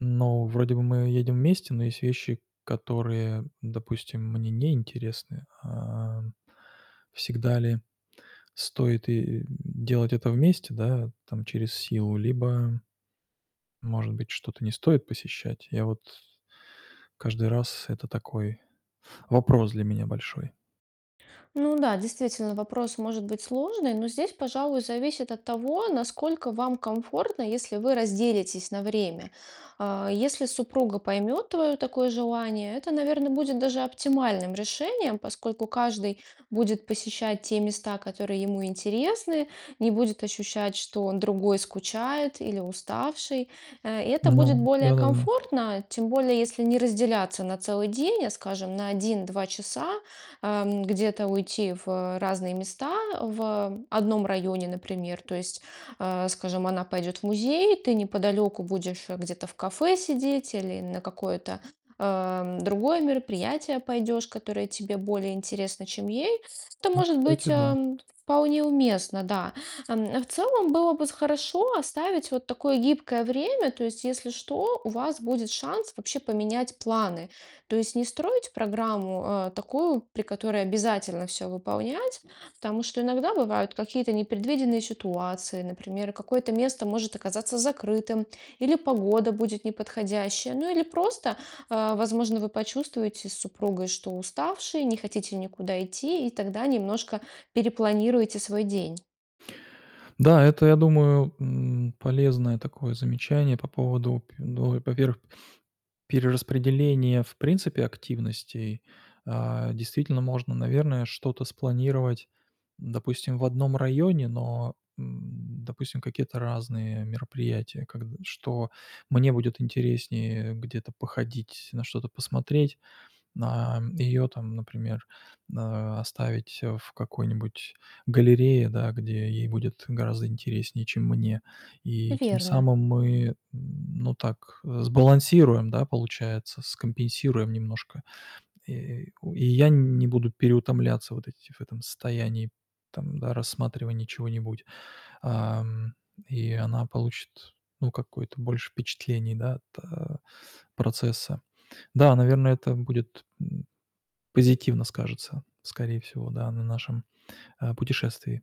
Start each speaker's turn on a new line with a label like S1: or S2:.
S1: Ну, вроде бы мы едем вместе, но есть вещи, которые, допустим, мне неинтересны. А, всегда ли стоит и и делать это вместе, да, там, через силу? Либо, может быть, что-то не стоит посещать? Я вот каждый раз это такой вопрос для меня большой.
S2: Ну да, действительно, вопрос может быть сложный, но здесь, пожалуй, зависит от того, насколько вам комфортно, если вы разделитесь на время. А, если супруга поймёт твое такое желание- это, наверное, будет даже оптимальным решением, поскольку каждый будет посещать те места, которые ему интересны, не будет ощущать, что он другой, скучает или уставший. Э, и это будет
S1: Ну
S2: более
S1: да-да-да.
S2: комфортно. Тем более если не разделяться на целый день, а, скажем, на 1 - 2 часа, эм, где-то уйти в разные места в одном районе, например. То есть, э, скажем, она пойдёт в музей, ты неподалёку будешь где-то в кафе сидеть или на какое-то, э, другое мероприятие пойдёшь, которое тебе более интересно, чем ей. Это
S1: Ну,
S2: может быть,
S1: кстати, да.
S2: э, вполне уместно, да. Э, в целом было бы хорошо оставить вот такое гибкое время. То есть если что, у вас будет шанс вообще поменять планы. То есть не строить программу, э, такую, при которой обязательно всё выполнять. Потому что иногда бывают какие-то непредвиденные ситуации. Например, какое-то место может оказаться закрытым или погода будет неподходящая, ну или просто, э, возможно, вы почувствуете с супругой, что уставшие, не хотите никуда идти, и тогда немножко перепланируете свой день.
S1: Да, это, я думаю, м, полезное такое замечание по поводу пю ну и во-первых, перераспределения, в принципе, активностей. А действительно можно, наверное, что-то спланировать, допустим, в одном районе, но, м, допустим, какие-то разные мероприятия как что мне будет интереснее где-то походить, на что-то посмотреть, на ее там, например, э, оставить в какой-нибудь галерее, да, где ей будет гораздо интереснее, чем мне. И тем
S2: Верно.
S1: самым мы, м, ну так сбалансируем, да, получается, скомпенсируем немножко. И я не буду переутомляться вот эти в этом состоянии там, да, рассматривания чего-нибудь. Ам, и она получит, ну, какое-то больше впечатлений, да, от процесса. Да, наверное, это будет позитивно скажется, скорее всего, да, на нашем, э, путешествии.